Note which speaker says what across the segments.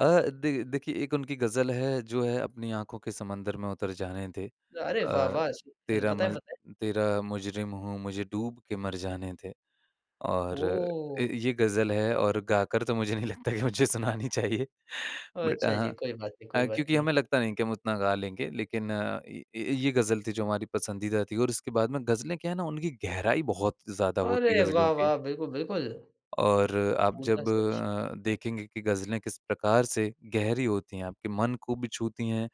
Speaker 1: अ, देख देखिए एक उनकी ग़ज़ल है जो है अपनी आँखों के समंदर में उतर जाने दे
Speaker 2: अरे
Speaker 1: अ,
Speaker 2: वाह-वाह! [unintelligible]
Speaker 1: तेरा
Speaker 2: बताएँ,
Speaker 1: मज़
Speaker 2: बताएँ।
Speaker 1: तेरा मुजरिम हूँ, मुझे डूब के मर जाने दे। और अ,
Speaker 2: ओह!
Speaker 1: ये ग़ज़ल है और गाकर तो मुझे नहीं लगता कि मुझे सुनानी चाहिए।
Speaker 2: अ,
Speaker 1: बट
Speaker 2: अच्छा जी,
Speaker 1: हाँ
Speaker 2: कोई बात नहीं कोई
Speaker 1: अ,
Speaker 2: बात
Speaker 1: क्योंकि
Speaker 2: नहीं।
Speaker 1: हमें लगता नहीं कि हम उतना गा लेंगे लेकिन अ, ये ये ग़ज़ल थी जो हमारी पसंदीदा थी और उसके बाद में ग़ज़लें क्या है ना उनकी गहराई बहुत ज़्यादा होती है
Speaker 2: अरे
Speaker 1: ग़ज़लों की।
Speaker 2: वाह-वाह! बिल्कुल, बिल्कुल।
Speaker 1: और आप
Speaker 2: बोलता
Speaker 1: जब
Speaker 2: सच।
Speaker 1: अ, देखेंगे कि ग़ज़लें किस प्रकार से गहरी होती हैं आपके मन को छूती हैं,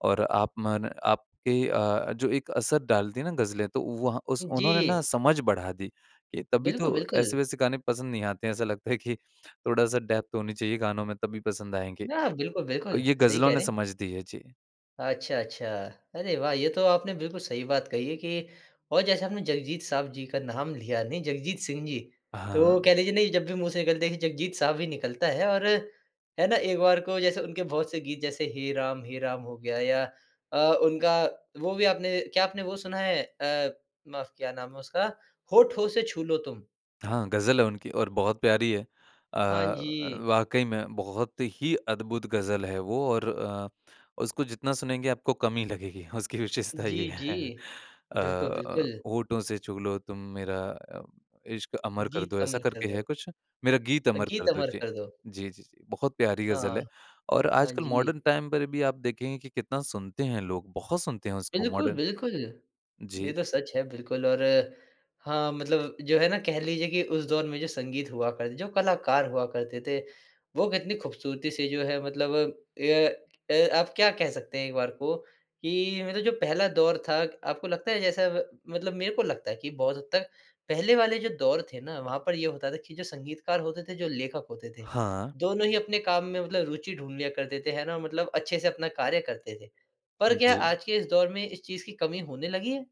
Speaker 1: और आप मन आपके अ, जो एक असर डालती है ना ग़ज़लें तो वहाँ उस उन्होंने ना
Speaker 2: जी।
Speaker 1: समझ बढ़ा दी कि तभी
Speaker 2: बिल्कुल,
Speaker 1: तो
Speaker 2: बिल्कुल।
Speaker 1: ऐसे-वैसे गाने पसंद नहीं आते हैं ऐसा लगता है कि थोड़ा-सा डेप्थ होनी चाहिए गानों में तभी पसंद आएँगे।
Speaker 2: नया बिल्कुल, बिल्कुल।
Speaker 1: ये
Speaker 2: सही
Speaker 1: ग़ज़लों
Speaker 2: कह
Speaker 1: ने
Speaker 2: रहे हैं।
Speaker 1: समझ दी है, जी।
Speaker 2: अच्छा, अच्छा। अरे वाह! ये तो आपने बिल्कुल सही बात कही है कि और जैसे आपने जगजीत साहब जी का नाम लिया नहीं जगजीत सिंह जी। तो
Speaker 1: हाँ।
Speaker 2: कह लीजिए नहीं जब भी मुँह से निकलते है जगजीत साहब ही निकलता है और, है ना? एक बार को जैसे उनके बहुत से गीत जैसे हे राम, हे राम हो गया या अ, उनका वो भी आपने क्या आपने वो सुना है? अ, माफ क्या नाम है उसका? होठों से छू लो तुम।
Speaker 1: हाँ, ग़ज़ल है उनकी और बहुत प्यारी है। अ
Speaker 2: हाँ
Speaker 1: अ,
Speaker 2: जी।
Speaker 1: वाक़ई में बहुत ही अद्भुत ग़ज़ल है वो और अ, उसको जितना सुनेंगे आपको कम ही लगेगी। उसकी विशेषता
Speaker 2: जी,
Speaker 1: ये है।
Speaker 2: जी। बिल्कुल,
Speaker 1: अ,
Speaker 2: बिल्कुल।
Speaker 1: होठों से छू लो तुम मेरा अ, इश्क़ अमर कर
Speaker 2: गीत
Speaker 1: दो ऐसा
Speaker 2: अमर
Speaker 1: करके
Speaker 2: करदो।
Speaker 1: है कुछ मेरा गीत
Speaker 2: अ,
Speaker 1: अमर
Speaker 2: गीत
Speaker 1: कर दो,
Speaker 2: अमर
Speaker 1: जी।
Speaker 2: कर दो।
Speaker 1: जी, जी, जी, बहुत प्यारी
Speaker 2: हाँ।
Speaker 1: ग़ज़ल है। और
Speaker 2: हाँ
Speaker 1: आजकल
Speaker 2: जी।
Speaker 1: मॉडर्न टाइम पर भी आप देखेंगे कि कितना सुनते हैं लोग, बहुत सुनते हैं उसको
Speaker 2: बिल्कुल,
Speaker 1: मॉडर्न
Speaker 2: बिल्कुल। ये
Speaker 1: जी।
Speaker 2: तो सच है बिल्कुल और हाँ, मतलब जो है ना कह लीजिए कि उस दौर में जो संगीत हुआ करते थे, जो कलाकार हुआ करते थे वो कितनी खूबसूरती से जो है मतलब ये ए आप क्या कह सकते हैं एक बार को, कि मतलब जो पहला दौर था आपको लगता है जैसा ब मतलब मेरे को लगता है कि बहुत हद तक पहले वाले जो दौर थे ना वहाँ पर ये होता था कि जो संगीतकार होते थे जो लेखक होते थे,
Speaker 1: हाँ।
Speaker 2: दोनों ही अपने काम में मतलब रूचि ढूँढ लिया करते थे, है ना? मतलब अच्छे से अपना कार्य करते थे, पर क्या
Speaker 1: जी।
Speaker 2: आज के इस दौर में इस चीज़ की कमी होने लगी है?